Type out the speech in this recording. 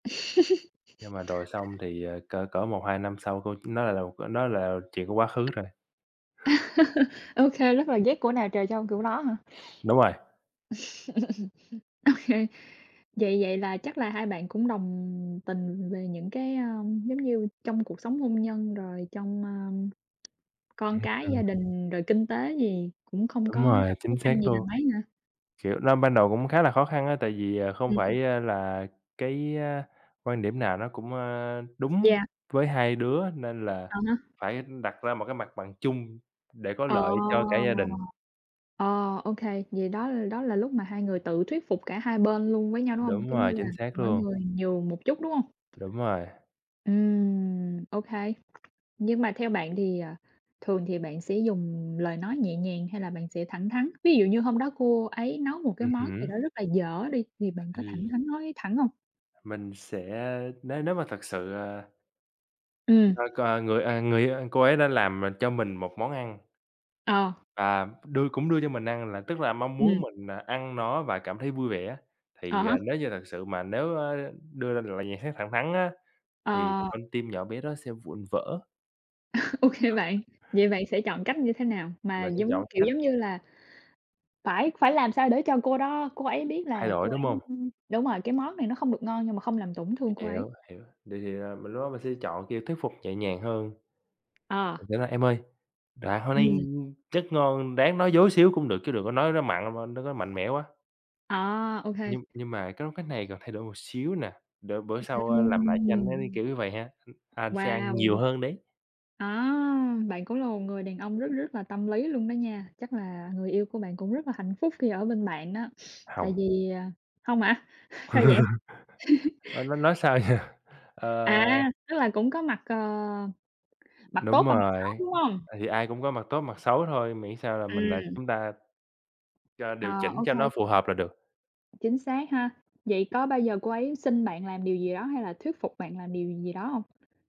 Nhưng mà rồi xong thì, ờ, cỡ cỡ 1, 2 năm sau cô nó lại là một nó là chuyện của quá khứ rồi. Ô kê, rất là ghét của nào trời cho kiểu đó hả? Đúng rồi. Ô kê. Vậy vậy là chắc là hai bạn cũng đồng tình về những cái, ơ, giống như, trong cuộc sống hôn nhân rồi trong, a, con Ừm, cái ừm. gia đình, rồi kinh tế gì cũng không Đúng có rồi, gặp khó chính xác khăn gì là luôn. mấy hả? Kiểu, nó ban đầu cũng khá là khó khăn á, tại vì, ờ, không Ừm. phải, ơ, là cái quan điểm nào nó cũng, ơ, đúng Yeah. với hai đứa, nên là Ờ ha. phải đặt ra một cái mặt bằng chung để có Ờ, lợi cho cả gia đình. ờ, ô kê. Vậy đó l đó là lúc mà hai người tự thuyết phục cả 2 bên luôn với nhau, đúng hông? Đúng Giống như rồi, là, chính xác mỗi luôn. người nhường một chút, đúng hông? Đúng rồi. Ừm, ô kê. Nhưng mà theo bạn thì, ờ, thường thì bạn sẽ dùng lời nói nhẹ nhàng hay là bạn sẽ thẳng thắn, ví dụ như hôm đó cô ấy nấu một cái Ừm món gì hứm. đó rất là dở đi thì bạn có Ừm. thẳng thắn nói thẳng hông? Mình sẽ nếu nếu mà thực sự, à Ừm. [unintelligible] Người, à, người yêu, a cô ấy đã làm mình cho mình một món ăn. Ờ. À, đưa cũng đưa cho mình ăn là tức là mong Ừm. muốn mình, à, ăn nó và cảm thấy vui vẻ, Ờ thì, há. ờ, nếu như thật sự mà nếu, a, đưa ra được lời nhận xét thẳng thắn á, thì Ờ. con tim nhỏ bé đó sẽ vụn vỡ. Ô kê bạn, vậy bạn sẽ chọn cách như thế nào mà Mà sẽ giống chọn kiểu, cách giống như là, phải phải làm sao để cho cô đó cô ấy biết Thay là đổi, cô đúng ấy, hông? ưm đúng rồi, cái món này nó không được ngon nhưng mà không làm tổn thương cô ấy? Hiểu, hiểu, vậy thì, à, mình lúc đó mình sẽ chọn, kiểu, thuyết phục nhẹ nhàng hơn. À. Nghĩa là "Em ơi, à, honey, Ừm. rất ngon." Ráng nói dối xíu cũng được, chứ đừng có nói nó mặn [unintelligible] nó có mạnh mẽ quá. À, OK. Nhưng nhưng mà có cái này cần thay đổi một xíu nè, để bữa sau, a, làm lại cho anh nó như Ừm. kiểu như vầy ha, anh sẽ ăn nhiều Wow! hơn đấy. À, bạn cũng là một người đàn ông rất, rất là tâm lý luôn đó nha, chắc là người yêu của bạn cũng rất là hạnh phúc khi ở bên bạn đó. Tại Hông. vì, à không hả? Sao vậy? Ơ, nói nói sao giờ? Ờ À, tức là cũng có mặt, ờ, mặt Đúng tốt và mặt rồi, xấu, đúng hông? tại vì ai cũng có mặt tốt, mặt xấu thôi, miễn sao là mình, à Ừm. chúng ta cho Ờ, điều chỉnh ô cho nó kê. phù hợp là được. Chính xác ha. Vậy có bao giờ cô ấy xin bạn làm điều gì đó hay là thuyết phục bạn làm điều gì đó hông?